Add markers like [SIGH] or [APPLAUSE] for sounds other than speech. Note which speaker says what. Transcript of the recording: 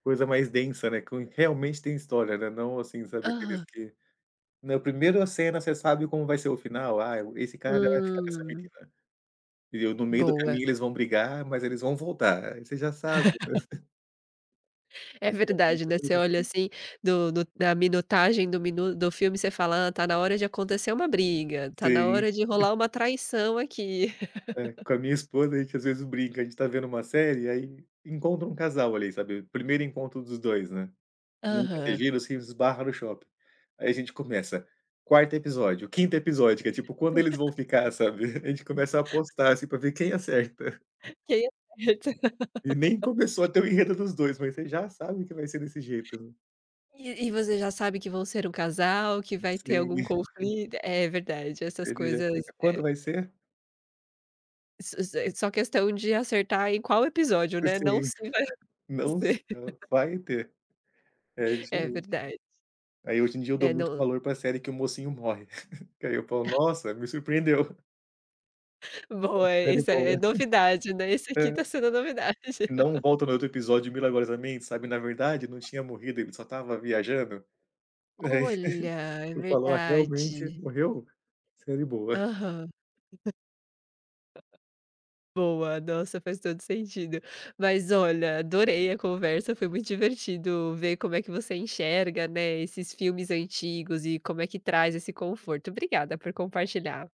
Speaker 1: Coisa mais densa, né? Com realmente tem história, né? Não assim, sabe, aqueles
Speaker 2: Aham.
Speaker 1: que, na primeira cena você sabe como vai ser o final: "Ah, o esse cara vai ficar com essa
Speaker 2: Hum.
Speaker 1: menina". Entendeu? "No meio do
Speaker 2: Boa.
Speaker 1: caminho eles vão brigar, mas eles vão voltar". Aí você já sabe. [LAUGHS]
Speaker 2: [LAUGHS] É
Speaker 1: E tinha
Speaker 2: verdade,
Speaker 1: muita
Speaker 2: né, você
Speaker 1: coisa
Speaker 2: olha
Speaker 1: assim.
Speaker 2: assim, do do da minutagem do minu do filme você fala: "Hã, tá na hora de acontecer uma briga, tá na
Speaker 1: Sim.
Speaker 2: hora de rolar
Speaker 1: [LAUGHS]
Speaker 2: uma traição aqui."
Speaker 1: É. Com
Speaker 2: [LAUGHS]
Speaker 1: a minha esposa, a gente às vezes brinca, a gente tá vendo uma série, aí encontra um casal ali, sabe? Primeiro encontro dos 2, né? Nunca se
Speaker 2: Aham.
Speaker 1: viram e se esbarra no shopping. Aí a gente começa. 4º episódio, 5º episódio, que é tipo: "Quando eles vão ficar", sabe? [LAUGHS] A gente começa a
Speaker 2: [LAUGHS]
Speaker 1: apostar assim pra ver quem acerta.
Speaker 2: Quem acerta.
Speaker 1: E nem começou a
Speaker 2: [LAUGHS]
Speaker 1: ter o enredo dos 2, mas você já sabe que vai ser desse jeito.
Speaker 2: E e você já sabe que vão ser um casal, que vai ter
Speaker 1: Sim.
Speaker 2: algum
Speaker 1: [LAUGHS]
Speaker 2: conflito. É verdade, essas
Speaker 1: Ele já
Speaker 2: coisas,
Speaker 1: fica: "Quando vai
Speaker 2: é.
Speaker 1: ser?"
Speaker 2: Iss iss daí só questão de acertar em qual episódio,
Speaker 1: Sim.
Speaker 2: né? Não se vai
Speaker 1: [LAUGHS] Não
Speaker 2: acontecer.
Speaker 1: são
Speaker 2: [LAUGHS]
Speaker 1: vai ter. É
Speaker 2: [LAUGHS] É
Speaker 1: diferente.
Speaker 2: verdade.
Speaker 1: Aí hoje em dia eu dou
Speaker 2: É
Speaker 1: muito
Speaker 2: no
Speaker 1: valor para a série que o mocinho morre, [LAUGHS] que aí eu falo:
Speaker 2: [LAUGHS]
Speaker 1: "Nossa, me surpreendeu!"
Speaker 2: [LAUGHS]
Speaker 1: É uma
Speaker 2: Boa,
Speaker 1: série
Speaker 2: isso aí é
Speaker 1: boa. [LAUGHS]
Speaker 2: novidade, né? Esse aqui
Speaker 1: Aham.
Speaker 2: tá sendo novidade.
Speaker 1: Não
Speaker 2: [LAUGHS]
Speaker 1: volta no outro episódio milagrosamente, sabe: "Na verdade não tinha morrido, ele só estava viajando."
Speaker 2: Olha,
Speaker 1: [LAUGHS]
Speaker 2: é
Speaker 1: Tu falou: "Ah, realmente
Speaker 2: verdade!
Speaker 1: morreu? Série boa."
Speaker 2: Aham. [LAUGHS] Boa, nossa, faz todo o sentido. Mas olha, adorei a conversa, foi muito divertido ver como é que você enxerga, né, esses filmes antigos e como é que traz esse conforto. Obrigada por compartilhar.